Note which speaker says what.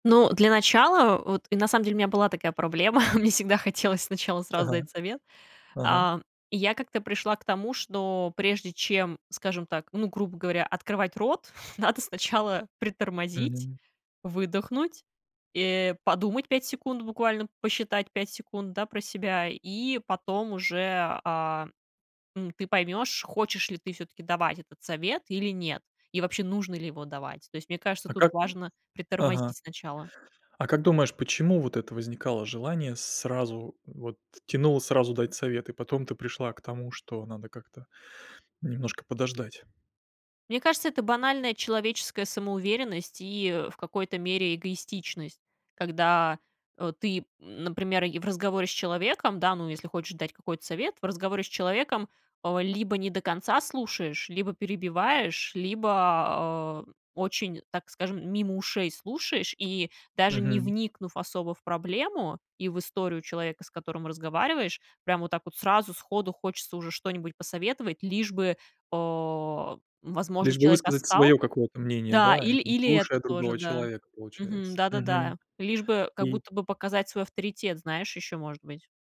Speaker 1: Ну, для начала, вот, и на самом деле у меня была такая проблема, мне всегда хотелось сначала
Speaker 2: Так,
Speaker 1: сразу дать совет.
Speaker 2: ага.
Speaker 1: А, я как-то пришла к тому, что прежде чем, скажем так, ну, грубо говоря, открывать рот, надо сначала притормозить,
Speaker 2: Мгм.
Speaker 1: выдохнуть, э, подумать 5 секунд, буквально посчитать 5 секунд, да, про себя, и потом уже, э, м, ты поймёшь, хочешь ли ты всё-таки давать этот совет или нет, и вообще нужно ли его давать. То есть, мне кажется,
Speaker 2: А
Speaker 1: тут
Speaker 2: как...
Speaker 1: важно
Speaker 2: Ага.
Speaker 1: притормозить сначала.
Speaker 2: А как думаешь, почему вот это возникало желание сразу вот тянуло сразу дать совет, и потом ты пришла к тому, что надо как-то немножко подождать?
Speaker 1: Мне кажется, это банальная человеческая самоуверенность и в какой-то мере эгоистичность. Когда, э, ты, например, в разговоре с человеком, да, ну, если хочешь дать какой-то совет, в разговоре с человеком, э, либо не до конца слушаешь, либо перебиваешь, либо, э, очень, так скажем, мимо ушей слушаешь. И даже не
Speaker 2: Мгм.
Speaker 1: вникнув особо в проблему и в историю человека, с которым разговариваешь, прям вот так вот сразу сходу хочется уже что-нибудь посоветовать, лишь бы, э, возможно,
Speaker 2: Лишь бы
Speaker 1: человек
Speaker 2: высказать
Speaker 1: отстал
Speaker 2: своё какое-то мнение,
Speaker 1: Да,
Speaker 2: да,
Speaker 1: ил
Speaker 2: не
Speaker 1: или это
Speaker 2: слушая
Speaker 1: тоже,
Speaker 2: другого
Speaker 1: да.
Speaker 2: человека,
Speaker 1: Мгм.
Speaker 2: получается. Мгм.
Speaker 1: Да-да-да, лишь бы, как
Speaker 2: И...
Speaker 1: будто бы показать свой авторитет, знаешь, ещё может быть.